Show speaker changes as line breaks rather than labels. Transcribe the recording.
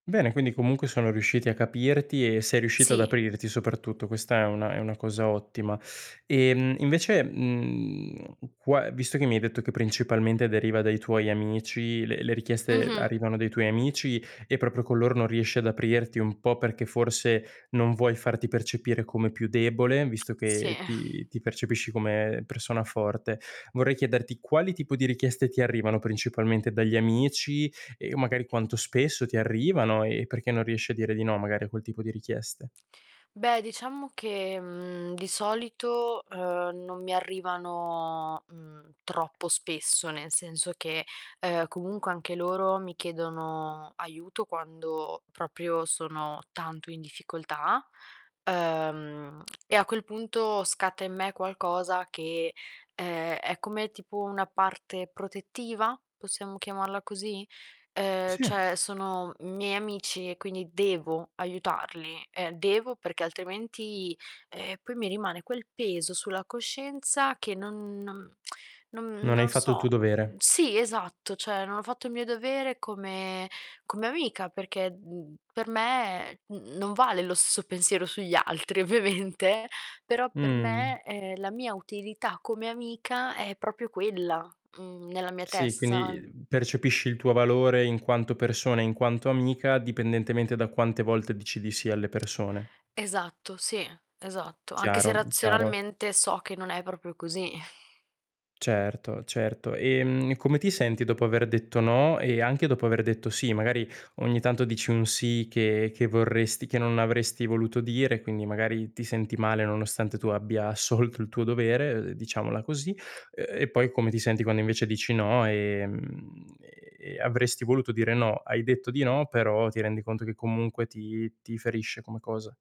Bene, quindi comunque sono riusciti a capirti e sei riuscita ad
Sì.
aprirti, soprattutto, questa è una è una cosa ottima. Ehm, invece, mhmm, qua visto che mi hai detto che principalmente deriva dai tuoi amici, le le richieste
Mh-mh.
arrivano dai tuoi amici e proprio con loro non riesci ad aprirti un po' perché forse non vuoi farti percepire come più debole visto
Sì.
che ti ti percepisci come persona forte. Vorrei chiederti quali tipo di richieste ti arrivano principalmente dagli amici e magari quanto spesso ti arrivano e perché non riesci a dire di no magari a quel tipo di richieste.
Beh, diciamo che, mhmm, di solito, uhm, non mi arrivano, mhmm, troppo spesso, nel senso che, uhm, comunque anche loro mi chiedono aiuto quando proprio sono tanto in difficoltà, uhm, e a quel punto scatta in me qualcosa che, uhm, è come tipo una parte protettiva, possiamo chiamarla così? Uhm,
Sì.
cioè sono miei amici e quindi devo aiutarli; ehm, devo perché altrimenti, ehm, poi mi rimane quel peso sulla coscienza che non non non
Non hai
non
fatto il
so;
tuo dovere.
sì, esatto, cioè non ho fatto il mio dovere come come amica perché, mhmm, per me, mhmm, non vale lo stesso pensiero sugli altri, ovviamente, però per
Mh.
me, ehm, la mia utilità come amica è proprio quella, mhmm, nella mia
Sì, quindi,
testa.
uhm, percepisci il tuo valore in quanto persona e in quanto amica, dipendentemente da quante volte dici di sì alle persone.
Esatto, sì, esatto. Anche se,
Chiaro, mhmm, chiaro.
razionalmente, so che non è proprio così.
Certo, certo. Ehm, e come ti senti dopo aver detto no e anche dopo aver detto sì? Magari ogni tanto dici un sì che che vorresti che non avresti voluto dire, quindi magari ti senti male, nonostante tu abbia assolto il tuo dovere, uhm, diciamola così. Uhm, e poi come ti senti quando invece dici no e, mhmm, ehm, e avresti voluto dire no, hai detto di no, però ti rendi conto che comunque ti ti ferisce come cosa?